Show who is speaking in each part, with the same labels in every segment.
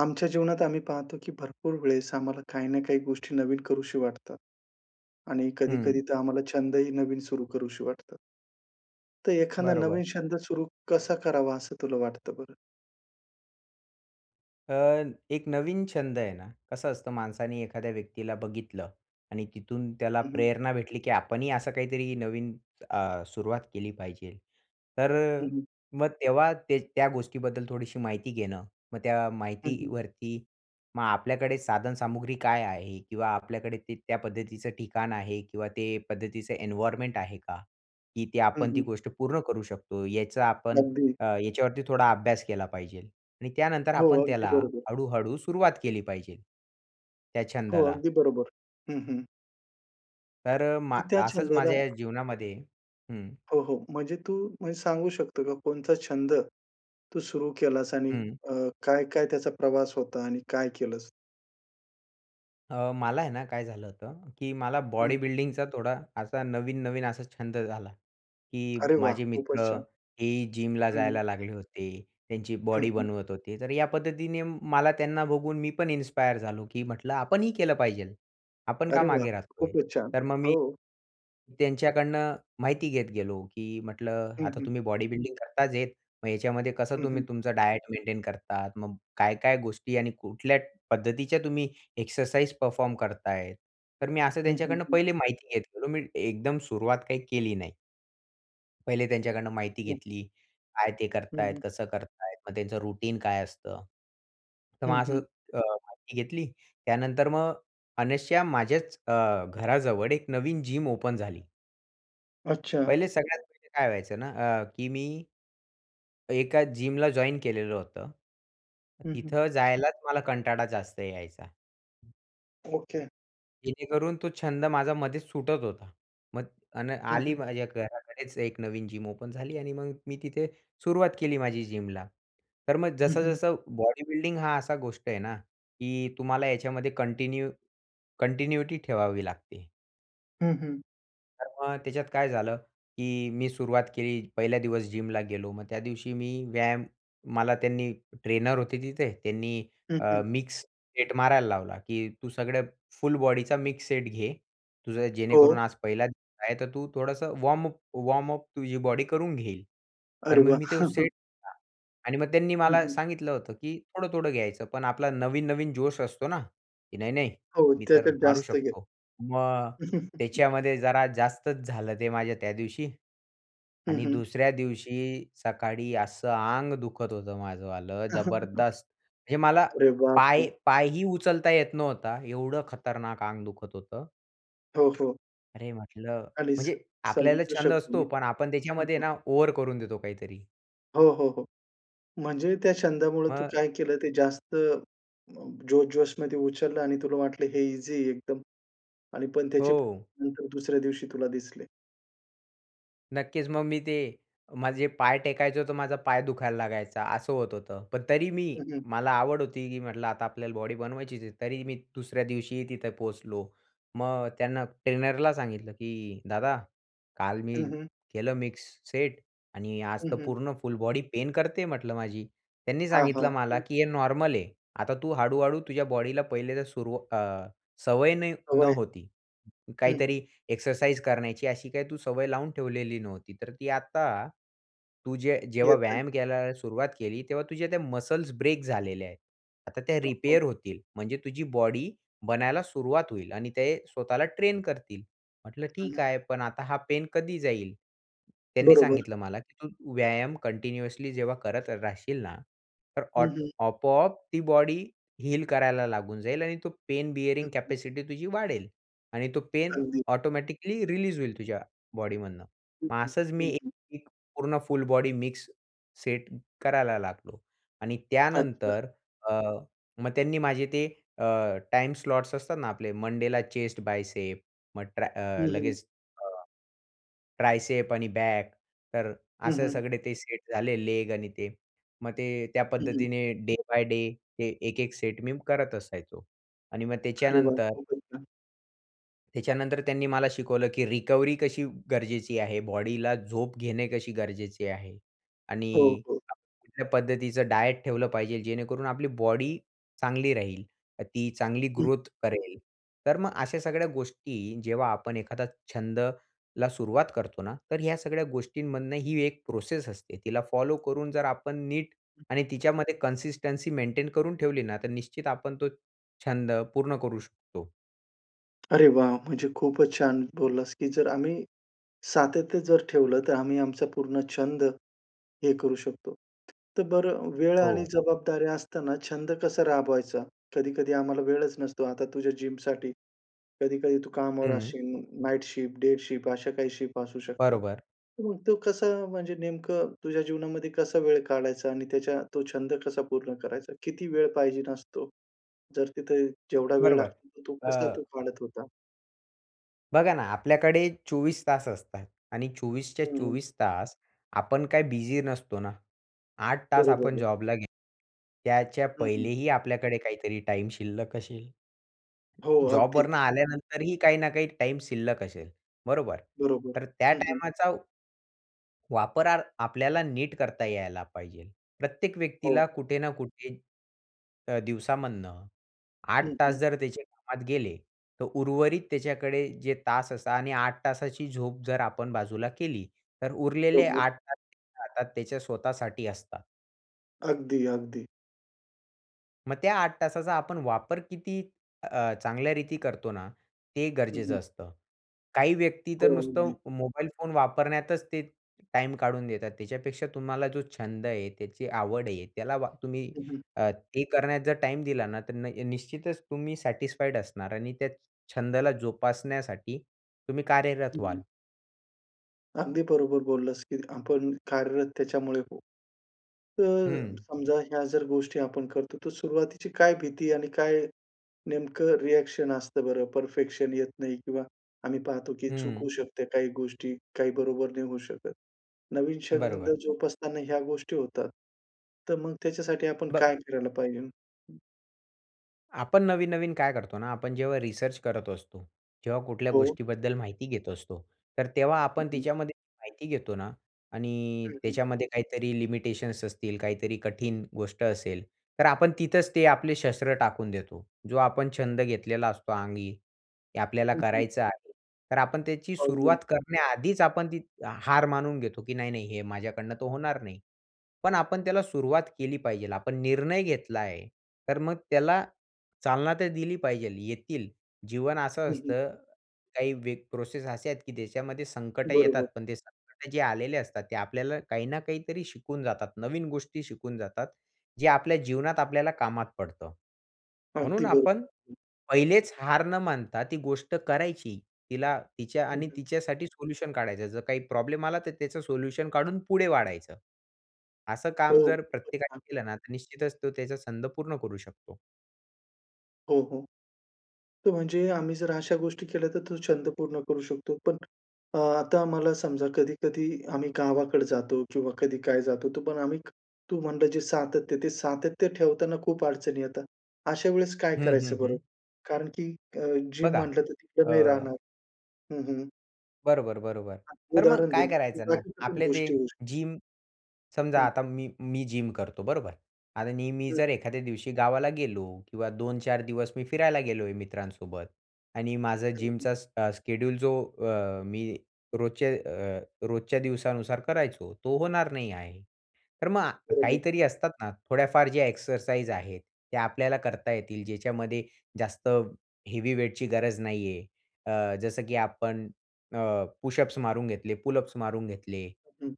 Speaker 1: आमच्या जीवनात आम्ही पाहतो की भरपूर वेळेस आम्हाला काही ना काही गोष्टी नवीन वाटतात. आणि
Speaker 2: हं.
Speaker 1: कधी-कधी तर आम्हाला छंदही नवीन सुरु करूशी वाटतात. तर एखादा
Speaker 2: बरोबर.
Speaker 1: नवीन छंद सुरू कसा करावा, असं तुला वाटतं बरं?
Speaker 2: अ, एक नवीन छंद आहे ना, कसं असतं माणसाने एखाद्या व्यक्तीला बघितलं आणि तिथून त्याला
Speaker 1: हं, हं.
Speaker 2: प्रेरणा भेटली की आपणही असं काहीतरी नवीन अ, सुरुवात केली पाहिजेल. तर,
Speaker 1: हं, हं.
Speaker 2: मग तेव्हा ते त्या गोष्टीबद्दल थोडीशी माहिती घेणं. मग त्या
Speaker 1: हं, हं.
Speaker 2: माहितीवरती मग आपल्याकडे साधन सामग्री काय आहे किंवा आपल्याकडे ते त्या पद्धतीचं ठिकाण आहे किंवा ते पद्धतीचं एन्वायरमेंट आहे का? की
Speaker 1: हं,
Speaker 2: आपण ती
Speaker 1: हं.
Speaker 2: गोष्ट पूर्ण करू शकतो. याचा आपण
Speaker 1: अगदी.
Speaker 2: अ, ह्याच्यावरती थोडा अभ्यास केला पाहिजेल आणि त्यानंतर
Speaker 1: हो,
Speaker 2: आपण
Speaker 1: अगदी
Speaker 2: त्याला,
Speaker 1: बरोबर.
Speaker 2: हळूहळू सुरुवात केली पाहिजे. त्या
Speaker 1: हो,
Speaker 2: छंदाला.
Speaker 1: अगदी बरोबर. हं, हं.
Speaker 2: तर
Speaker 1: तर
Speaker 2: मा
Speaker 1: त्या
Speaker 2: असंच
Speaker 1: छंदाला
Speaker 2: माझ्या जीवनामध्ये हं.
Speaker 1: हो, हो. म्हणजे तू म्हणजे सांगू शकतो का, कोणचा छंद तू सुरू केलास आणि
Speaker 2: हं.
Speaker 1: अ, काय-काय त्याचा प्रवास होता आणि काय केलस?
Speaker 2: अ, मला आहे ना काय झालं होतं की मला
Speaker 1: हं.
Speaker 2: बॉडी बिल्डिंगचा थोडा असा नवीन, नवीन असा छंद झाला. की
Speaker 1: अरे वाह!
Speaker 2: माझे मित्र
Speaker 1: खूपच छान.
Speaker 2: हेही जिमला
Speaker 1: हं.
Speaker 2: जायला लागले होते. त्यांची
Speaker 1: हं,
Speaker 2: बॉडी
Speaker 1: हं.
Speaker 2: बनवत होते. तर या पद्धतीने मला त्यांना बघून मी पण इन्स्पायर झालो, की म्हटलं आपणही केलं पाहिजे. आपण का
Speaker 1: अरे वाह!
Speaker 2: मागे राहतोय?
Speaker 1: खूपच छान.
Speaker 2: तर मग मी
Speaker 1: हो.
Speaker 2: त्यांच्याकडनं माहिती घेत गेलो, की म्हटलं
Speaker 1: हं,
Speaker 2: आता
Speaker 1: हं.
Speaker 2: तुम्ही बॉडी बिल्डिंग करताच आहेत. मग ह्याच्यामध्ये कसं
Speaker 1: हं,
Speaker 2: तुम्ही
Speaker 1: हं.
Speaker 2: तुमचा डायट मेंटेन करता. मग काय, काय गोष्टी आणि कुठल्या पद्धतीच्या तुम्ही एक्सरसाइज परफॉर्म करताय? तर मी असं
Speaker 1: हं, हं,
Speaker 2: त्यांच्याकडनं
Speaker 1: हं.
Speaker 2: पहिले माहिती घेत गेलो. मी एकदम सुरुवात काही केली नाही. पहिले त्यांच्याकडनं माहिती घेतली. काय ते करत
Speaker 1: हं,
Speaker 2: आहेत,
Speaker 1: हं.
Speaker 2: कसं करत आहेत. मग त्यांचं रुटीन काय असतं. तर
Speaker 1: हं,
Speaker 2: मग असं
Speaker 1: हं.
Speaker 2: अ, माहिती घेतली. त्यानंतर मग अनायसे माझ्याच अ, घराजवळ एक नवीन जिम ओपन झाली.
Speaker 1: अच्छा.
Speaker 2: पहिले सगळ्यात पहिले काय व्हायचं ना अ, की मी एका जिमला जॉइन केलेलं होतं.
Speaker 1: हं, हं.
Speaker 2: तिथं जायलाच मला कंटाळा जास्त यायचा.
Speaker 1: ओके.
Speaker 2: जेणेकरून तो छंद माझा मध्येच सुटत होता. मग आणि
Speaker 1: हं,
Speaker 2: आली
Speaker 1: हं.
Speaker 2: माझ्या घराकडेच एक नवीन जिम ओपन झाली आणि मग मी तिथे सुरुवात केली माझी जिमला. तर मग
Speaker 1: हं, हं.
Speaker 2: जसं-जसं बॉडीबिल्डिंग हा असा गोष्ट आहे ना, की तुम्हाला याच्यामध्ये कंटिन्यू कंटिन्यूटी ठेवावी लागते.
Speaker 1: हं, हं.
Speaker 2: तर मग त्याच्यात काय झालं की मी सुरुवात केली. पहिल्या दिवस जिमला गेलो. मग त्या दिवशी मी व्यायाम मला त्यांनी ट्रेनर होते तिथे, त्यांनी
Speaker 1: हं,
Speaker 2: अ,
Speaker 1: हं.
Speaker 2: मिक्स सेट मारायला लावला की "तू सगळं फुल बॉडीचा मिक्स सेट घे. तुझं जेणेकरून
Speaker 1: हो.
Speaker 2: आज पहिला दिवस आहे, तर तू थोडंसं वॉर्मअप वॉर्मअप तुझी बॉडी करून घेईल." तर
Speaker 1: अरे
Speaker 2: मग
Speaker 1: वाह!
Speaker 2: मी ते सेट घेतला आणि मग त्यांनी
Speaker 1: हं,
Speaker 2: मला
Speaker 1: हं.
Speaker 2: सांगितलं होतं की थोडं-थोडं घ्यायचं, पण आपला नवीन-नवीन जोश असतो ना की "नाही नाही,
Speaker 1: हो,
Speaker 2: मी तर
Speaker 1: त्याच्यात
Speaker 2: मारू
Speaker 1: जास्त घेत.
Speaker 2: शकतो." मग त्याच्यामध्ये जरा जास्तच झालं ते माझ्या त्या दिवशी.
Speaker 1: हं,
Speaker 2: आणि
Speaker 1: हं.
Speaker 2: दुसऱ्या दिवशी सकाळी असं आंग दुखत होतं माझंवालं, जबरदस्त! म्हणजे मला
Speaker 1: अरे बापरे!
Speaker 2: पाय पायही उचलता येत नव्हता, एवढं खतरनाक आंग दुखत होतं.
Speaker 1: हो, हो.
Speaker 2: अरे म्हटलं,
Speaker 1: आणि स
Speaker 2: म्हणजे आपल्याला
Speaker 1: समजू
Speaker 2: छंद
Speaker 1: शकतो
Speaker 2: असतो
Speaker 1: मी.
Speaker 2: पण आपण
Speaker 1: हं,
Speaker 2: त्याच्यामध्ये
Speaker 1: हं.
Speaker 2: ना ओव्हर करून देतो काहीतरी.
Speaker 1: हो, हो, हो. म्हणजे त्या छंदामुळे तू
Speaker 2: मग
Speaker 1: काय केलं ते जास्त अ, जोश-जोशमध्ये उचललं आणि तुला वाटलं हे ईझी आहे एकदम. आणि पण त्याची
Speaker 2: हो.
Speaker 1: परिणाम नंतर दुसऱ्या दिवशी तुला दिसले.
Speaker 2: नक्कीच. मग मी ते माझे पाय टेकायचं होतं माझा पाय दुखायला लागायचा असं होत होतं. पण तरी मी
Speaker 1: हं, हं.
Speaker 2: मला आवड होती की म्हटलं आता आपल्याला बॉडी बनवायचीच आहे तरी मी दुसऱ्या दिवशीही तिथे पोहोचलो. मग त्यांना ट्रेनरला सांगितलं की "दादा काल
Speaker 1: हं,
Speaker 2: मी
Speaker 1: हं.
Speaker 2: केलं मिक्स सेट आणि आज
Speaker 1: हं,
Speaker 2: तर
Speaker 1: हं.
Speaker 2: पूर्ण फुल बॉडी पेन करते म्हटलं माझी." त्यांनी
Speaker 1: हां,
Speaker 2: सांगितलं
Speaker 1: हां.
Speaker 2: मला
Speaker 1: हं.
Speaker 2: की "हे नॉर्मल आहे. आता तू हळू-हळू तुझ्या बॉडीला पहिल्यांदा सुरवा अ, सवय नयी
Speaker 1: सवय.
Speaker 2: नव्हती.
Speaker 1: हं.
Speaker 2: काहीतरी एक्सरसाइज करण्याची अशी काही तू सवय लावून ठेवलेली नव्हती. तर ती आता तू जे जेव्हा
Speaker 1: येतंय.
Speaker 2: व्यायाम करायला सुरुवात केली तेव्हा तुझ्या त्या मसल्स ब्रेक झालेल्या आहेत. आता त्या
Speaker 1: हो.
Speaker 2: रिपेअर होतील. म्हणजे तुझी बॉडी बनायला सुरुवात होईल आणि ते स्वतःला ट्रेन करतील." म्हंटलं "ठीक
Speaker 1: [unintelligible]
Speaker 2: आहे. पण आता हा पेन कधी जाईल?" त्यांनी
Speaker 1: बरोबर.
Speaker 2: सांगितलं मला की "तू व्यायाम कंटिन्युअसली जेव्हा करत राहशील ना तर
Speaker 1: हं,
Speaker 2: ऑट
Speaker 1: हं.
Speaker 2: आपोआप ती बॉडी हील करायला लागून जाईल आणि तो पेन बियरिंग कॅपॅसिटी तुझी वाढेल. आणि तो पेन
Speaker 1: अगदी.
Speaker 2: ऑटोमॅटिकली रिलीज होईल तुझ्या बॉडीमधनं."
Speaker 1: हं,
Speaker 2: मग
Speaker 1: हं.
Speaker 2: असंच मी
Speaker 1: हं,
Speaker 2: एक
Speaker 1: हं.
Speaker 2: एक पूर्ण फुल बॉडी मिक्स सेट करायला लागलो .आणि
Speaker 1: अच्छा.
Speaker 2: त्यानंतर अ, मग त्यांनी माझे ते अ, टाईम स्लॉट्स असतात ना आपले मंडेला चेस्ट बायसेप, मग ट्र
Speaker 1: हं, हं.
Speaker 2: लगेच अ, ट्रायसेप आणि बॅक. तर
Speaker 1: हं,
Speaker 2: असे
Speaker 1: हं.
Speaker 2: सगळे ते सेट झाले, लेग आणि ते मग ते त्या
Speaker 1: हं, हं.
Speaker 2: पद्धतीने डे बाय डे हे एक, एक सेट मी करत असायचो आणि मग
Speaker 1: अरे वाह!
Speaker 2: त्याच्यानंतर
Speaker 1: खूपच छान.
Speaker 2: त्याच्यानंतर त्यांनी मला शिकवलं की रिकव्हरी कशी गरजेची आहे, बॉडीला झोप घेणे कशी गरजेची आहे.
Speaker 1: हो,
Speaker 2: आणि
Speaker 1: हो.
Speaker 2: कुठल्या पद्धतीचं डायट ठेवलं पाहिजे. जेणेकरून आपली बॉडी चांगली राहील, तर ती चांगली
Speaker 1: हं.
Speaker 2: ग्रोथ करेल. तर मग अशा सगळ्या गोष्टी, जेव्हा आपण एखादा छंदला सुरुवात करतो ना, तर ह्या सगळ्या गोष्टींमधनं ही एक प्रोसेस असते. तिला फॉलो करून जर आपण नीट आणि तिच्यामध्ये कन्सिस्टन्सी मेंटेन करून ठेवली ना, तर निश्चित आपण तो छंद पूर्ण करू शकतो.
Speaker 1: अरे वाह! म्हणजे खूपच छान बोललास, की जर आम्ही, सातत्य जर ठेवलं तर आम्ही आमचा पूर्ण छंद, हे करू शकतो. तर बरं वेळ आणि
Speaker 2: हो.
Speaker 1: जबाबदाऱ्या असताना छंद कसा राबवायचा? कधी-कधी आम्हाला वेळच नसतो, आता तुझ्या जिमसाठी. कधी कधी तू कामावर
Speaker 2: हं.
Speaker 1: असशील नाईट शिफ्ट, डे शिफ्ट अशा काही शिफ्ट असू शकतात.
Speaker 2: बरोबर.
Speaker 1: तू मग तो कसा म्हणजे नेमकं तुझ्या जीवनामध्ये कसा वेळ काढायचा आणि त्याच्या तो छंद कसा पूर्ण करायचा? किती वेळ पाहिजेल असतो? जर तिथे जेवढा वेळ
Speaker 2: बरोबर,
Speaker 1: लागतो, तर तो कसा तो
Speaker 2: अ
Speaker 1: काढत होता?
Speaker 2: बघा ना, आपल्याकडे 24 तास असतात आणि 24च्या,
Speaker 1: हं, हं.
Speaker 2: 24 तास आपण काय बिझी नसतो ना. 8 तास
Speaker 1: बरोबर
Speaker 2: आपण
Speaker 1: आहे.
Speaker 2: जॉबला गे त्याच्या
Speaker 1: हं, हं.
Speaker 2: पहिलेही आपल्याकडे काहीतरी टाईम शिल्लक असेल.
Speaker 1: हो.
Speaker 2: जॉबवरनं
Speaker 1: अगदीच.
Speaker 2: आल्यानंतरही काही ना काही टाईम शिल्लक असेल, बरोबर?
Speaker 1: बरोबर.
Speaker 2: तर त्या
Speaker 1: हं, हं.
Speaker 2: टाईमाचा ...वापर आपल्याला नीट करता यायला पाहिजे. प्रत्येक
Speaker 1: हो.
Speaker 2: व्यक्तीला कुठे ना कुठे अ, दिवसामधनं 8
Speaker 1: हं,
Speaker 2: तास
Speaker 1: हं.
Speaker 2: जर त्याचे कामात गेले, तर उर्वरित त्याच्याकडे जे तास असता आणि 8 तासाची झोप जर आपण बाजूला केली, तर उरलेले
Speaker 1: बरोबर.
Speaker 2: 8 तास हातात त्याच्या स्वतःसाठी असतात.
Speaker 1: अगदी, अगदी.
Speaker 2: मग त्या 8 तासाचा आपण वापर किती अ, चांगल्या रीती करतो ना ते
Speaker 1: हं, हं.
Speaker 2: गरजेचं असतं. काही व्यक्ती
Speaker 1: हो.
Speaker 2: तर
Speaker 1: अगदी.
Speaker 2: नुसतं मोबाईल फोन वापरण्यातच ते टाईम काढून देतात. त्याच्यापेक्षा तुम्हाला जो छंद आहे, त्याची आवड आहे, त्याला वा तुम्ही
Speaker 1: हं, हं.
Speaker 2: अ, ते करण्यात जर टाईम दिला ना, तर न अ, निश्चितच तुम्ही सॅटिस्फाईड असणार आणि त्या छंदाला जोपासण्यासाठी तुम्ही कार्यरत व्हाल.
Speaker 1: हं. अगदी बरोबर बोललास की, आपण कार्यरत त्याच्यामुळे होऊ. तर,
Speaker 2: हं.
Speaker 1: समजा ह्या जर गोष्टी आपण करतो, तर सुरुवातीची काय भीती आणि काय नेमकं रिएक्शन असतं बरं? परफेक्शन येत नाही किंवा आम्ही पाहतो, की
Speaker 2: हं.
Speaker 1: चुकू शकते काही गोष्टी. काही बरोबर नाही होऊ शकत. नवीन छंद
Speaker 2: बरोबर.
Speaker 1: जोपासताना ह्या गोष्टी होतात. तर मग त्याच्यासाठी आपण
Speaker 2: ब
Speaker 1: काय करायला पाहिजे?
Speaker 2: आपण नवीन-नवीन काय करतो ना, आपण जेव्हा रिसर्च करत असतो, जेव्हा कुठल्या
Speaker 1: हो.
Speaker 2: गोष्टीबद्दल माहिती घेत असतो. तर तेव्हा
Speaker 1: हं,
Speaker 2: आपण
Speaker 1: हं.
Speaker 2: तिच्यामध्ये माहिती घेतो ना, आणि
Speaker 1: हं, हं.
Speaker 2: त्याच्यामध्ये काहीतरी लिमिटेशन्स असतील काहीतरी कठीण गोष्ट असेल, तर आपण तिथचं ते आपले शस्त्र टाकून देतो. जो आपण छंद घेतलेला असतो अंगी, ते आपल्याला
Speaker 1: हं, हं.
Speaker 2: करायचं आहे तर आपण त्याची
Speaker 1: अगदी.
Speaker 2: सुरुवात करण्याआधीच आपण ती हार मानून घेतो की, नाही-नाही हे माझ्याकडनं तर होणार नाही. पण आपण त्याला सुरुवात केली पाहिजे. आपण निर्णय घेतला आहे तर मग त्याला चालना तर दिली पाहिजेल. येतील, जीवन असं
Speaker 1: हं, हं.
Speaker 2: असतं, काही व्य प्रोसेस असे आहेत की ज्याच्यामध्ये संकट येतात
Speaker 1: बरोबर.
Speaker 2: पण ते संकट जे आलेले असतात ते, आपल्याला काही ना काहीतरी शिकवून जातात. नवीन गोष्टी शिकवून जातात. जे आपल्या जीवनात आपल्याला कामात पडतं. म्हणून
Speaker 1: अगदी
Speaker 2: आपण
Speaker 1: बरोबर.
Speaker 2: पहिलेचं हार न मानता ती गोष्ट करायची. तिला तिच्या
Speaker 1: हं,
Speaker 2: आणि
Speaker 1: हं.
Speaker 2: तिच्यासाठी सोल्युशन काढायचं. जर काही प्रॉब्लेम आला, तर त्याचं सोल्युशन काढून पुढे वाढायच. असं
Speaker 1: हो,
Speaker 2: काम जर
Speaker 1: खूपचं
Speaker 2: प्रत्येकाने
Speaker 1: छान!
Speaker 2: केलं ना, तर निश्चितचं तो त्याचा छंद पूर्ण करू शकतो.
Speaker 1: हो, हो. तो म्हणजे आम्ही जर अशा गोष्टी केल्या तर तो छंद पूर्ण करू शकतो. पण अ, आता आम्हाला समजा कधी-कधी आम्ही गावाकडे जातो किंवा कधी काय जातो तो पण आम्ही तू म्हणलं जे सातत्य, ते सातत्य ठेवताना खूप अडचणी येतात. अशा वेळेस काय
Speaker 2: हं, हं,
Speaker 1: करायचं बरं?
Speaker 2: हं.
Speaker 1: कारण की अ, जिम
Speaker 2: बघा
Speaker 1: म्हंटलं तर तिथे
Speaker 2: अ
Speaker 1: नाही राहणार हं, हं.
Speaker 2: बरोबर, बरोबर. तर मग
Speaker 1: उदाहरण
Speaker 2: काय
Speaker 1: देवूया,
Speaker 2: करायचं
Speaker 1: तर
Speaker 2: ना,
Speaker 1: बाकीच्या पण
Speaker 2: आपले ते
Speaker 1: गोष्टी होऊ शकतात.
Speaker 2: जिम समजा
Speaker 1: हं.
Speaker 2: आता मी मी जिम करतो, बरोबर. आता मी
Speaker 1: हं.
Speaker 2: जर एखाद्या दिवशी गावाला गेलो किंवा 2-4 दिवस मी फिरायला गेलोय मित्रांसोबत आणि माझं
Speaker 1: हं, हं.
Speaker 2: जिमचा स स्केड्यूल जो अ, मी रोजचे अ, रोजच्या दिवसानुसार करायचो, तो होणार नाही आहे. तर मग
Speaker 1: बरोबर.
Speaker 2: काहीतरी असतात ना, थोड्याफार जे एक्सरसाइज आहेत, त्या आपल्याला करता येतील. ज्याच्यामध्ये जास्त हेवी वेट गरज नाही आहे. अ, जसं की आपण अ, पुशअप्स मारून घेतले, पुलअप्स मारून घेतले
Speaker 1: हं.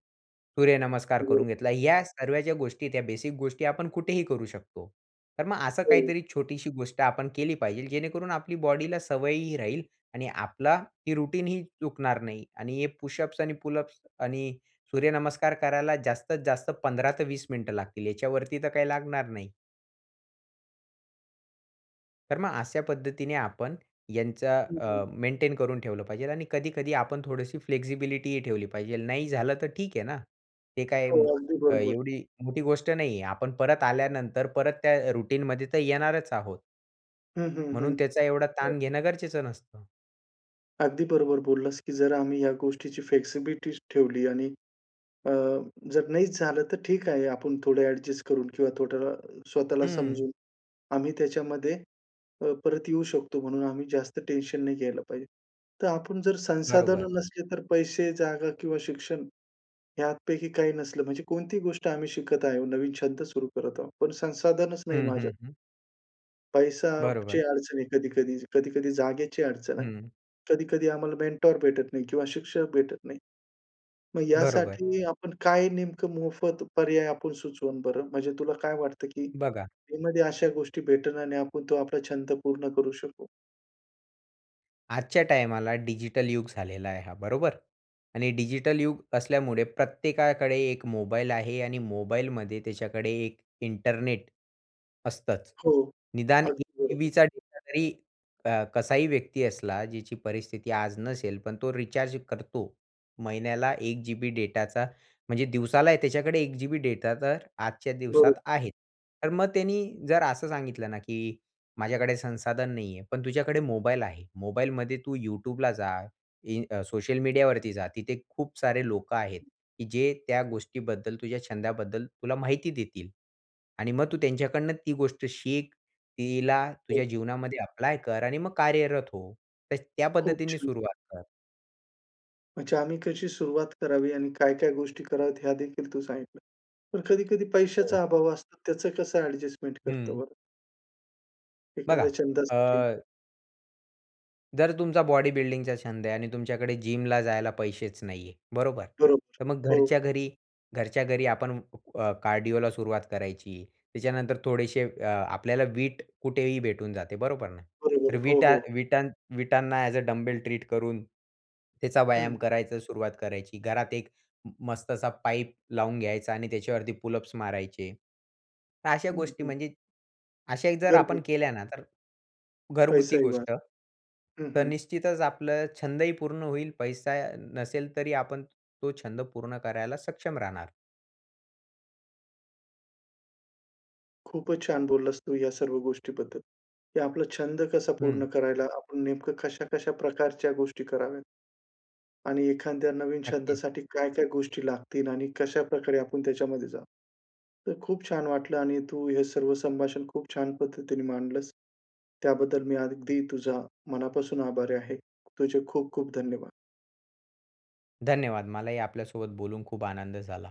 Speaker 2: सूर्यनमस्कार करून
Speaker 1: बरोबर.
Speaker 2: घेतला. या सर्व्या ज्या गोष्टी, त्या बेसिक गोष्टी आपण कुठेही करू शकतो. तर मग असं
Speaker 1: हो.
Speaker 2: काहीतरी छोटीशी गोष्ट आपण केली पाहिजे, जेणेकरून आपली बॉडीला सवयही राहील आणि आपला ही रुटीन ही चुकणार नाही आणि हे पुशअप्स आणि पुलअप्स आणि सूर्यनमस्कार करायला जास्तीत जास्त 15 ते 20 मिनिट लागतील, याच्यावरती तर काही लागणार नाही. तर मग अशा पद्धतीने आपण यांचा,
Speaker 1: हं,
Speaker 2: अ,
Speaker 1: हं.
Speaker 2: मेंटेन करून ठेवलं पाहिजेल आणि कधी-कधी आपण थोडीशी फ्लेक्सिबिलिटीही ठेवली पाहिजेल. नाही झालं तर ठीक आहे ना. ते काय
Speaker 1: हो.
Speaker 2: मो
Speaker 1: अगदी बरोबर.
Speaker 2: एवढी मोठ गोष्ट नाही आहे. आपण परत आल्यानंतर, परत त्या रूटीन मध्ये तर येणारच आहोत.
Speaker 1: हं, हं,
Speaker 2: म्हणून
Speaker 1: हं.
Speaker 2: त्याचा एवढा
Speaker 1: हो.
Speaker 2: ताण घेणं गरजेचं नसतं.
Speaker 1: अगदी बरोबर बोललास, की जर आम्ही ह्या गोष्टीची फ्लेक्सिबिलिटी ठेवली आणि, अ, जर नाहीच झालं तर ठीक आहे. आपण थोडे एडजस्ट करून किंवा थोडं स्वतःला
Speaker 2: हं.
Speaker 1: समजून, आम्ही त्याच्यामध्ये, अ, परत येऊ शकतो म्हणून आम्ही जास्त टेन्शन नाही घ्यायला पाहिजे. तर आपण जर
Speaker 2: बरोबर.
Speaker 1: संसाधनं नसले तर पैसे, जागा किंवा शिक्षण ह्यापैकी काही नसलं म्हणजे, कोणतीही गोष्ट आम्ही शिकत आहोत नवीन छंद सुरू करत आहोत. पण संसाधनच नाही
Speaker 2: हं, हं,
Speaker 1: माझ्या
Speaker 2: हं.
Speaker 1: पैशाची
Speaker 2: बरोबर.
Speaker 1: अडचण आहे कधी-कधी. कधी-कधी जागेची अडचण आहे.
Speaker 2: हं.
Speaker 1: कधी-कधी आम्हाला मेंटर भेटत नाही किंवा शिक्षक भेटत नाही. मग
Speaker 2: बरोबर.
Speaker 1: यासाठी आपण काय नेमकं मोफत पर्याय आपण सुचवाल बरं? म्हणजे तुला काय वाटतं, की
Speaker 2: बघा
Speaker 1: यामध्ये अशा गोष्टी भेटेल आणि तो आपला छंद पूर्ण करू शकू.
Speaker 2: आजच्या टायमाला डिजिटल युग झालेला आहे हा बरोबर. आणि डिजिटल युग असल्यामुळे प्रत्येकाकडे 1 मोबाईल आहे आणि मोबाईलमध्ये त्याच्याकडे 1 इंटरनेट असतंच.
Speaker 1: हो.
Speaker 2: निदान 1
Speaker 1: अगदी बरोबर.
Speaker 2: जीबीचा डेटा तरी क कसाही व्यक्ती असला, ज्याची परिस्थिती आज नसेल पण तो रिचार्ज करतो. महिन्याला 1 जीबी डेटाचा म्हणजे दिवसाला त्याच्याकडे 1 जीबी डेटा तर आजच्या दिवसात
Speaker 1: बरं.
Speaker 2: आहे. तर मग त्यांनी जर असं सांगितलं ना, की माझ्याकडे संसाधन नाही आहे. पण तुझ्याकडे मोबाईल आहे. मोबाईलमध्ये तू YouTubeला जा, इ अ, सोशल मीडियावरती जा. तिथे खूप सारे लोकं आहेत की जे त्या गोष्टीबद्दल तुझ्या छंदाबद्दल तुला माहिती देतील. आणि मग तू त्यांच्याकडून ती गोष्ट शिक. तिला तुझ्या
Speaker 1: हो.
Speaker 2: जीवनामध्ये अप्लाय कर आणि मग कार्यरत हो. तर त्या
Speaker 1: खूप
Speaker 2: पद्धतीने
Speaker 1: छान.
Speaker 2: सुरुवात कर.
Speaker 1: म्हणजे आम्ही कशी सुरुवात करावी आणि काय-काय गोष्टी कराव्यात ह्या देखील तू सांगितलं. पण कधी-कधी
Speaker 2: हो.
Speaker 1: पैशाचा अभाव असतो, त्याचं कसं ॲडजस्टमेंट करतो
Speaker 2: हं.
Speaker 1: बरं
Speaker 2: बघा
Speaker 1: एखाद्या छंदासाठी.
Speaker 2: अ, जर तुमचा बॉडी बिल्डिंगचा छंद आहे आणि तुमच्याकडे जिमला जायला पैसेच नाही आहे. बरोबर
Speaker 1: बरोबर.
Speaker 2: ,तर मग
Speaker 1: हो.
Speaker 2: घरच्या घरी घरच्या घरी आपण अ, कार्डिओला सुरुवात करायची. त्याच्यानंतर थोडेशे अ, आपल्याला वीट कुठेही भेटून जाते. बरोबर, तर
Speaker 1: बरोबर. हो,
Speaker 2: वीटा
Speaker 1: हो.
Speaker 2: वीटा वीटांना ॲज अ डंबेल ट्रीट करून त्याचा
Speaker 1: हं,
Speaker 2: व्यायाम
Speaker 1: हं.
Speaker 2: करायचा सुरुवात करायची. घरात एक मस्तसा पाईप लावून घ्यायचा आणि त्याच्यावरती पुलअप्स मारायचे. तर अशा
Speaker 1: हं,
Speaker 2: गोष्टी
Speaker 1: हं.
Speaker 2: म्हणजे अशा जर आपण
Speaker 1: घरगुती.
Speaker 2: केल्या ना, तर घरगुती
Speaker 1: पैसाही
Speaker 2: गोष्ट
Speaker 1: वाचतो. हं,
Speaker 2: तर
Speaker 1: हं.
Speaker 2: निश्चितच आपलं छंदही पूर्ण होईल. पैसा नसेल तरी आपण तो छंद पूर्ण करायला सक्षम राहणार.
Speaker 1: खूपच छान बोललास तू, ह्या सर्व गोष्टीबद्दल की आपला छंद कसा
Speaker 2: हं.
Speaker 1: पूर्ण करायला आपण नेमकं कशा-कशा प्रकारच्या गोष्टी कराव्यात. आणि एखाद्या नवीन
Speaker 2: नक्की.
Speaker 1: छंदासाठी काय-काय गोष्टी लागतील आणि कशाप्रकारे आपण त्याच्यामध्ये जाऊ. तर खूप छान वाटलं आणि तू हे सर्व संभाषण खूप छान पद्धतीने मांडलस. त्याबद्दल मी अगदी तुझ्या मनापासून आभारी आहे. तुझे खूप खूप धन्यवाद.
Speaker 2: धन्यवाद. मलाही आपल्यासोबत बोलून खूप आनंद झाला.